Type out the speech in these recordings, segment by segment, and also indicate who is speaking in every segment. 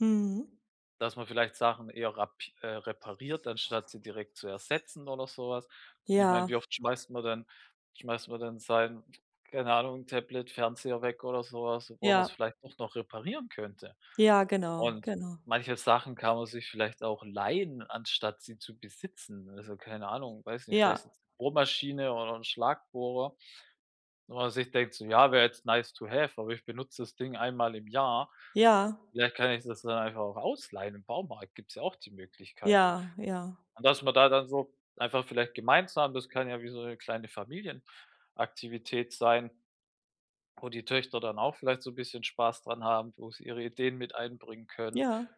Speaker 1: Mhm.
Speaker 2: Dass man vielleicht Sachen eher rap äh, repariert, anstatt sie direkt zu ersetzen oder so was. Ich meine,
Speaker 1: Ja.
Speaker 2: wie oft schmeißt man denn schmeißt man denn sein, keine Ahnung, Tablet, Fernseher weg oder so was, obwohl man's
Speaker 1: Ja.
Speaker 2: vielleicht doch noch reparieren könnte.
Speaker 1: Ja, genau,
Speaker 2: Und
Speaker 1: genau.
Speaker 2: manche Sachen kann man sich vielleicht auch leihen, anstatt sie zu besitzen. Also, keine Ahnung, weiß nicht,
Speaker 1: Ja.
Speaker 2: vielleicht Bohrmaschine oder 'n Schlagbohrer, wo man sich denkt so: „Ja, wäre jetzt nice to have, aber ich benutze das Ding einmal im Jahr.
Speaker 1: Ja.
Speaker 2: Vielleicht kann ich das dann einfach auch ausleihen.” Im Baumarkt gibt es ja auch die Möglichkeiten.
Speaker 1: Ja, ja.
Speaker 2: Und dass man da dann so einfach vielleicht gemeinsam das kann ja wie so 'ne kleine Familienaktivität sein, wo die Töchter dann auch vielleicht so 'n bisschen Spaß dran haben, wo sie ihre Ideen mit einbringen können
Speaker 1: Ja.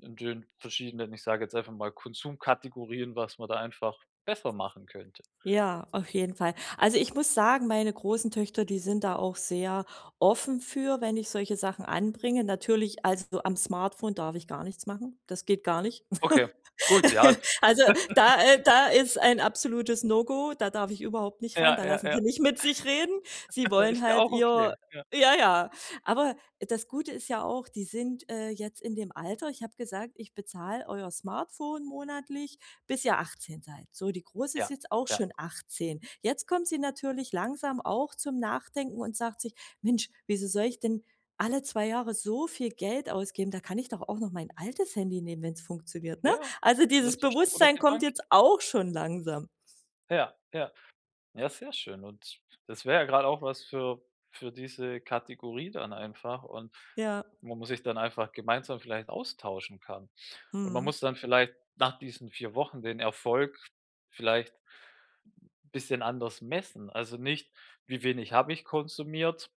Speaker 2: in den verschiedenen, ich sage jetzt einfach mal, Konsumkategorien, was man da einfach besser machen könnte.
Speaker 1: Ja, auf jeden Fall. Also, ich muss sagen, meine großen Töchter, die sind da auch sehr offen für, wenn ich solche Sachen anbringe. Natürlich also, am Smartphone darf ich gar nichts machen. Das geht gar nicht.
Speaker 2: Okay, gut, ja.
Speaker 1: Also da äh, da ist ein absolutes No-Go, da darf ich überhaupt nicht ran, da
Speaker 2: Ja, ja,
Speaker 1: lassen sie
Speaker 2: ja.
Speaker 1: nicht mit sich reden. Sie wollen
Speaker 2: Ist ja
Speaker 1: halt
Speaker 2: auch
Speaker 1: ihr
Speaker 2: okay. Ja.
Speaker 1: ja, ja. Aber das Gute ist ja auch, die sind, äh, jetzt in dem Alter ich habe gesagt, ich bezahle euer Smartphone monatlich, bis ihr 18 seid. So, die Große ist
Speaker 2: Ja,
Speaker 1: jetzt auch
Speaker 2: ja.
Speaker 1: schon 18. Jetzt kommt sie natürlich langsam auch zum Nachdenken und sagt sich: „Mensch, wieso soll ich denn alle 2 Jahre so viel Geld ausgeben? Da kann ich doch auch noch mein altes Handy nehmen, wenn's funktioniert”, ne?
Speaker 2: Ja,
Speaker 1: Also,
Speaker 2: das
Speaker 1: dieses
Speaker 2: ist doch schon 'n guter
Speaker 1: Bewusstsein kommt
Speaker 2: Gedanke.
Speaker 1: jetzt auch schon langsam.
Speaker 2: Ja, ja, ja, sehr schön. Und das wäre ja gerade auch was für für diese Kategorie dann einfach und
Speaker 1: Ja.
Speaker 2: wo man sich dann einfach gemeinsam vielleicht austauschen kann. Und man
Speaker 1: Mhm.
Speaker 2: muss dann vielleicht nach diesen 4 Wochen den Erfolg vielleicht bisschen anders messen. Also nicht: „Wie wenig habe ich konsumiert?“,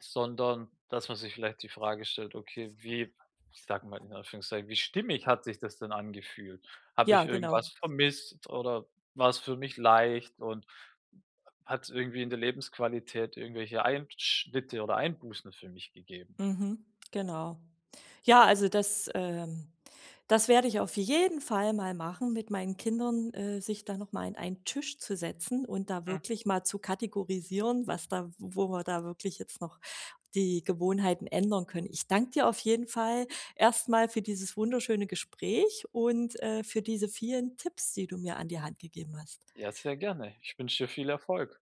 Speaker 2: sondern dass man sich vielleicht die Frage stellt: „Okay, wie” ich sage mal in Anführungszeichen „wie stimmig hat sich das denn angefühlt? Habe ich
Speaker 1: Ja,
Speaker 2: irgendwas
Speaker 1: genau.
Speaker 2: vermisst oder war es für mich leicht und hat's irgendwie in der Lebensqualität irgendwelche Einschnitte oder Einbußen für mich gegeben?”
Speaker 1: Mhm, genau. Ja, also das ähm, das werde ich auf jeden Fall mal machen mit meinen Kindern, äh, sich da noch mal an einen Tisch zu setzen und da
Speaker 2: Hm.
Speaker 1: wirklich mal zu kategorisieren, was da wo wir da wirklich jetzt noch die Gewohnheiten ändern können. Ich danke dir auf jeden Fall erst mal für dieses wunderschöne Gespräch und, äh, für diese vielen Tipps, die du mir an die Hand gegeben hast.
Speaker 2: Ja, sehr gerne. Ich wünsche dir viel Erfolg.